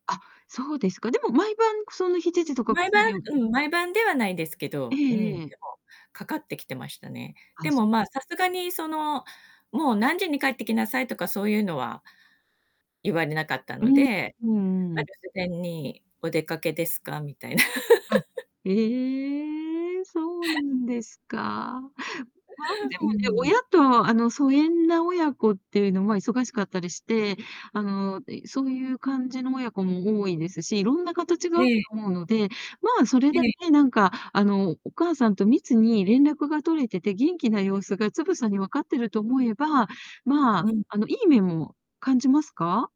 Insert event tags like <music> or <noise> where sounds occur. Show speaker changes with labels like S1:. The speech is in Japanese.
S1: あ、そうですか。でも毎晩その7時とか
S2: 毎晩う
S1: <unintelligible>
S2: ん、毎晩ではないですけ
S1: え
S2: ど、う
S1: え
S2: ん。
S1: え
S2: で
S1: え。
S2: もかかってきてましたね。
S1: あ、
S2: でも
S1: そう
S2: ま
S1: な
S2: あ、
S1: ん
S2: さすがにその、もう何時に帰ってきなさいとかそういうのは言われなかった
S1: ええ。
S2: ので、
S1: うんう
S2: ま、留
S1: ん。
S2: 守電に「お出かけですか」みたい。
S1: は
S2: <laughs>
S1: い。ええ。そうな
S2: <laughs>
S1: んですか。まあでも
S2: う
S1: ね、
S2: ん。
S1: 親とあの疎遠な親子っていうのは忙しかったりして、あの、いそういう感じの親子も多いですし色んな形があ
S2: え
S1: る
S2: え。
S1: と思うので、まあそれ
S2: え
S1: だ
S2: え。
S1: けなんか、あのお母さんと密に連絡が取れてて、元気な様子がつぶさに分かってると思えば、まあ
S2: うん。
S1: あの、いい面も感じますか？